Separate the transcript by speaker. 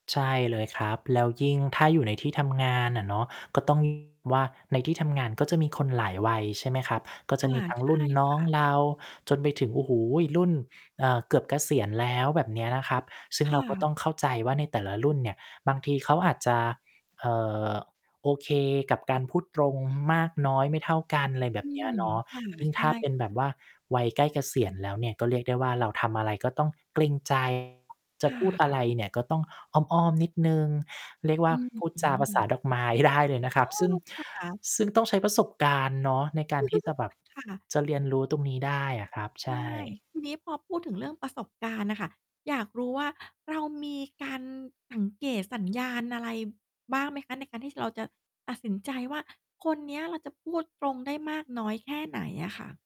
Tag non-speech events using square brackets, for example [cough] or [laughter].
Speaker 1: ใช่เลยครับ แล้วยิ่งถ้าอยู่ในที่ทำงานน่ะเนาะ ก็ ต้อง ว่า ในที่ทำงานก็จะมีคนหลายวัย ใช่ไหมครับ ก็จ
Speaker 2: ค
Speaker 1: ะ
Speaker 2: ่ะ
Speaker 1: มีทั้ง
Speaker 2: ใช
Speaker 1: ร
Speaker 2: ่
Speaker 1: ุ่นน
Speaker 2: ค
Speaker 1: ้อ
Speaker 2: ่
Speaker 1: ง
Speaker 2: ะ
Speaker 1: เราจนไปถึง โอ้โฮ รุ่น เอ่อ เกือบเกษียณแล้ว แบบเนี้ยนะครับ ซึ่ง
Speaker 2: ค
Speaker 1: เร
Speaker 2: ่
Speaker 1: าก็
Speaker 2: ะ
Speaker 1: ต้องเข้าใจว่าในแต่ละรุ่นเนี่ย บางทีเขาอาจจะ เอ่อ โอเคกับการพูดตรงมากน้อยไม่เท่ากัน อะไรแบ
Speaker 2: อ
Speaker 1: บ
Speaker 2: ื
Speaker 1: เนี้ย
Speaker 2: ม
Speaker 1: เนาะ
Speaker 2: ค่ะ
Speaker 1: ยิ่ง
Speaker 2: ใช
Speaker 1: ถ้าเป็
Speaker 2: ่
Speaker 1: นแบบว่าวัยใกล้เกษียณแล้วเนี่ย ก็เรียกได้ว่า เราทำอะไร ก็ต้องเกรง ใจ จะ
Speaker 2: ค่
Speaker 1: พูดอะ
Speaker 2: ะ
Speaker 1: ไรเนี่ย ก็ต้องอ้อม ๆ นิดหนึ่ง เรียกว
Speaker 2: อ
Speaker 1: ่า
Speaker 2: ื้อ
Speaker 1: พูด
Speaker 2: ฮื
Speaker 1: จาภาษา
Speaker 2: อ
Speaker 1: ดอกไม้ ได้ เลยนะคร
Speaker 2: โ
Speaker 1: ั
Speaker 2: อ
Speaker 1: บ
Speaker 2: ้
Speaker 1: ซึ่ง
Speaker 2: ค่ะ
Speaker 1: ซึ่งต้องใช้ประสบการณ์เนาะในการที่จะแบบ
Speaker 2: [chuckles] ค่ะ
Speaker 1: จะเรียนรู้ตรงนี้ได้อะครับ ใช
Speaker 2: ใช่
Speaker 1: ่
Speaker 2: ทีนี้พอพูดถึงเรื่องประสบการณ์น่ะค่ะ อยากรู้ว่า เรามีการสังเกตสัญญาณอะไรบ้างไหมคะ ในการที่จะ เราจะตัดสินใจว่า คนเนี้ยเราจะพูดตรงได้มากน้อยแค่ไหนอะค่ะ?